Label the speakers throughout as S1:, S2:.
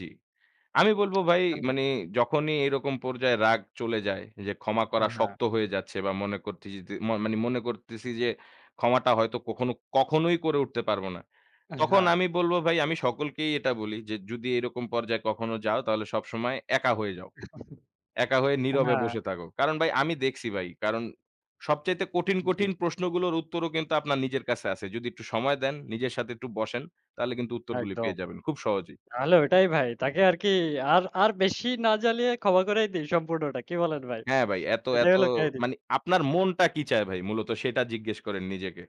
S1: জি। আমি বলবো ভাই
S2: কান্না।
S1: মানে যখনই এরকম পর্যায়ে রাগ চলে যায়। যে, ক্ষমা করা
S2: হ্যাঁ।
S1: শক্ত হয়ে যাচ্ছে বা মনে করতিজিদে মো মানে মনে করতেছি যে, ক্ষমাটা হয়তো কখনো কখনোই করে উঠতে পারবো না। তখন
S2: হ্যাঁ।
S1: আমি বলবো ভাই আমি সকলকেই এটা বলি যে, যদি এরকম পর্যায়ে কখনো যাও তাহলে সবসময় একা হয়ে যাও। একা হয়ে নীরবে
S2: হ্যাঁ।
S1: বসে থাকো। কারণ ভাই আমি দেখছি ভাই। কারণ সবচাইতে কঠিন,
S2: জি।
S1: কঠিন প্রশ্নগুলোর উত্তরও কিন্তু আপনার নিজের কাছে আছে। যদি একটু সময় দেন, নিজের সাথে একটু বসেন তাহলে কিন্তু উত্তরগুলো
S2: একদম।
S1: পেয়ে যাবেন। খুব সহজেই।
S2: তাহলে ওইটাই ভাই। তাকে আর কি আর আর বেশি না জ্বালিয়ে ক্ষমা করাই দেই সম্পূর্ণটা। কি বলেন ভাই?
S1: হ্যাঁ, ভাই, এত
S2: এটাই
S1: এত
S2: হলো কাহিনী।
S1: মানে আপনার মনটা কি চায় ভাই মূলত সেটা জিজ্ঞেস করেন নিজেকে।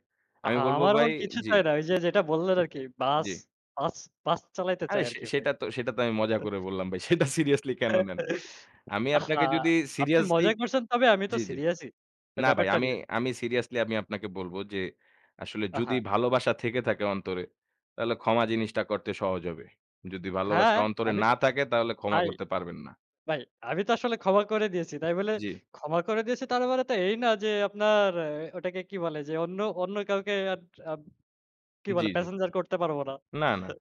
S2: আ
S1: আমি বলবো
S2: আমার
S1: ভাই,
S2: মন কিছু
S1: জি।
S2: চায় না। ওই যে, যেটা বললেন আরকি বাস,
S1: জি।
S2: বাস বাস চালাইতে
S1: আরে
S2: চায়
S1: সে
S2: আরকি ভাই।
S1: সেটা তো সেটা তো আমি মজা করে বললাম ভাই। সেটা সিরিয়াসলি
S2: তো
S1: কেন নেন? আমি
S2: আহা!
S1: আপনাকে যদি
S2: আপনি
S1: সিরিয়াসলি
S2: মজা করছেন তবে আমি তো
S1: জি, জি।
S2: সিরিয়াস ই
S1: না ভাই
S2: ব্যাপারটা
S1: আমি
S2: নিয়ে।
S1: আমি সিরিয়াসলি আমি আপনাকে বলব যে, আসলে যদি
S2: আহা।
S1: ভালোবাসা থেকে থাকে অন্তরে, তাহলে ক্ষমা জিনিসটা করতে সহজ হবে। যদি
S2: হ্যাঁ,
S1: ভালোবাসা অন্তরে
S2: আমি
S1: না
S2: তো
S1: থাকে তাহলে ক্ষমা
S2: ভাই
S1: করতে পারবেন না।
S2: ভাই, আমি তো আসলে ক্ষমা করে দিয়েছি। তাই বলে
S1: জি।
S2: ক্ষমা করে দিয়েছি তার মানে তো এই না যে, আপনার ওটাকে কি বলে যে, অন্য অন্য, কাউকে আর আ কি
S1: জি,
S2: বলে
S1: জি।
S2: প্যাসেঞ্জার করতে পারব না।
S1: না, না।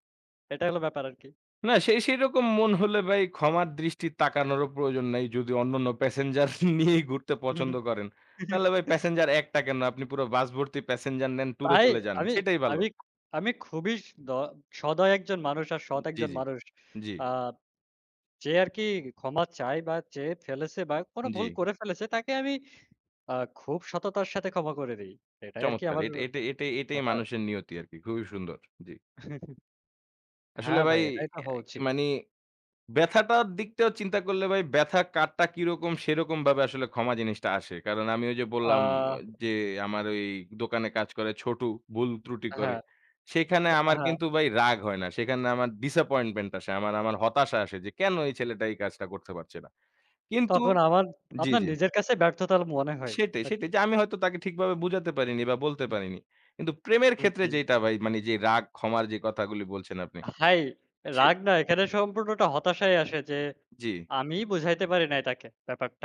S2: এটাই হলো ব্যাপার আরকি।
S1: না সেই সেরকম মন হলে ভাই ক্ষমার দৃষ্টি তাকানোরও প্রয়োজন নাই। যদি অন্যান্য প্যাসেঞ্জার নিয়েই ঘুরতে পছন্দ করেন। তাহলে ভাই প্যাসেঞ্জার একটা কেন? আপনি পুরো বাস ভর্তি প্যাসেঞ্জার নেন টুরে
S2: তাই
S1: চলে যান।
S2: আমি,
S1: সেটাই ভালো।
S2: আমি আমি খুবই দ সদয় একজন মানুষ আর সৎ
S1: জি,
S2: একজন
S1: জি।
S2: মানুষ।
S1: জি।
S2: আ যে, আরকি ক্ষমা চায় বা চেয়ে ফেলেছে বা কোন ভুল
S1: জি।
S2: করে ফেলেছে তাকে আমি আ খুব সততার সাথে ক্ষমা করে দেই। এটাই আরকি
S1: চমৎকার।
S2: আমার
S1: এটা, এটা এটা এটাই
S2: ব্যাপার।
S1: মানুষের নিয়তি আরকি। খুবই সুন্দর। জি। আসলে
S2: হ্যাঁ,
S1: ভাই
S2: ভাই এটাই তো হওয়া
S1: ইয়ে
S2: উচিত।
S1: মানে ব্যাথাটার দিকটাও চিন্তা করলে ভাই, ব্যাথা কার টা কিরকম সেরকম ভাবে আসলে ক্ষমা জিনিসটা আসে। কারণ আমি ঐ যে,
S2: আ
S1: বললাম যে, আমার ঐ দোকানে কাজ করে ছোটু ভুল ত্রুটি করে।
S2: হ্যাঁ,
S1: সেখানে আমার
S2: হ্যাঁ।
S1: কিন্তু ভাই রাগ হয় না। সেখানে আমার disappointment আসে। আমার, আমার হতাশা আসে যে, কেন এই ছেলেটা এই কাজটা করতে পারছে না। কিন্তু
S2: তখন আমার
S1: জি,
S2: আপনার
S1: জি।
S2: নিজের কাছে ব্যর্থতা মনে হয়
S1: সেটাই সেটাই
S2: আরকি।
S1: যে, আমি হয়তো তাকে ঠিকভাবে বুঝাতে পারিনি বা বলতে
S2: হুম।
S1: পারিনি। কিন্তু প্রেমের
S2: হুম,
S1: ক্ষেত্রে
S2: জি।
S1: যেটা ভাই মানে যেই রাগ ক্ষমার যে, কথাগুলো বলছেন আপনি
S2: তা হাই
S1: সে
S2: রাগ না এখানে সম্পূর্ণটা হতাশায় আসে যে,
S1: জি।
S2: আমিই বুঝাইতে পারি নাই তাকে ব্যাপারটা।